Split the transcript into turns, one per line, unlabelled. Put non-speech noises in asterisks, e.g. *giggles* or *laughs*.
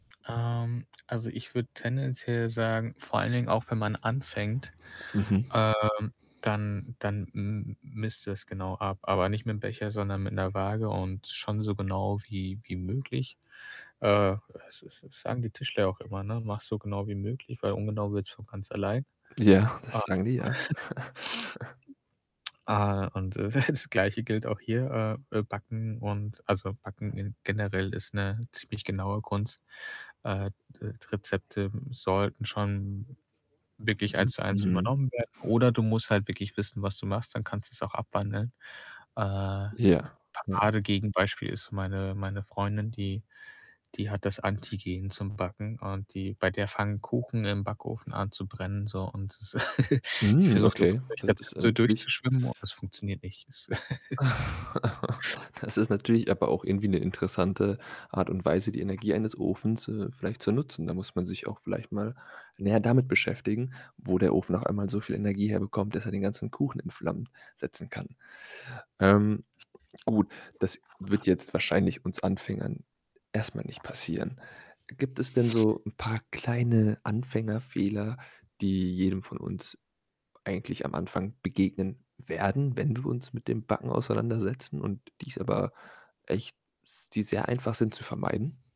Ähm, also ich würde tendenziell sagen, vor allen Dingen auch, wenn man anfängt,
Mhm.
ähm, dann dann m misst du es genau ab. Aber nicht mit'm Becher, sondern mit 'ner Waage und schon so genau wie wie möglich. Äh, das das das sagen die Tischler auch immer, ne: „Mach's so genau wie möglich, weil ungenau wird's von ganz allein.“,
Ja,
ähm,
das sagen die, ja. *giggles*
*chuckles* äh, und *chuckles* das Gleiche gilt auch hier, äh, äh, Backen und also beim Backen in generell ist 'ne ziemlich genaue Kunst, äh, d Rezepte sollten schon wirklich
Mhm,
1 zu 1
mhm.
übernommen werden oder du musst halt wirklich wissen, was du machst, dann kannst du's auch abwandeln. Äh, 'n
Ja, ja.
Paradegegenbeispiel ist meine meine Freundin, die die hat das Antigen zum Backen und die bei der fangen Kuchen im Backofen an zu brennen, so und das *giggles* die
Hm,
versucht immer,
okay,
so durch
das ist ja
Rezepte
natürlich
durchzuschwimmen und das funktioniert nicht. Es *giggles*
*laughs* Das ist natürlich aber auch irgendwie 'ne interessante Art und Weise, die Energie eines Ofens, äh, vielleicht zu nutzen. Da muss man sich auch vielleicht mal näher damit beschäftigen, wo der Ofen auf einmal so viel Energie herbekommt, dass er den ganzen Kuchen in Flammen setzen kann. Ähm, gut, das wird jetzt wahrscheinlich uns Anfängern erst mal nicht passieren. Gibt es denn so 'n paar kleine Anfängerfehler, die jedem von uns eigentlich am Anfang begegnen werden, wenn wir uns mit dem Backen auseinandersetzen und die's aber echt s die sehr einfach sind zu vermeiden?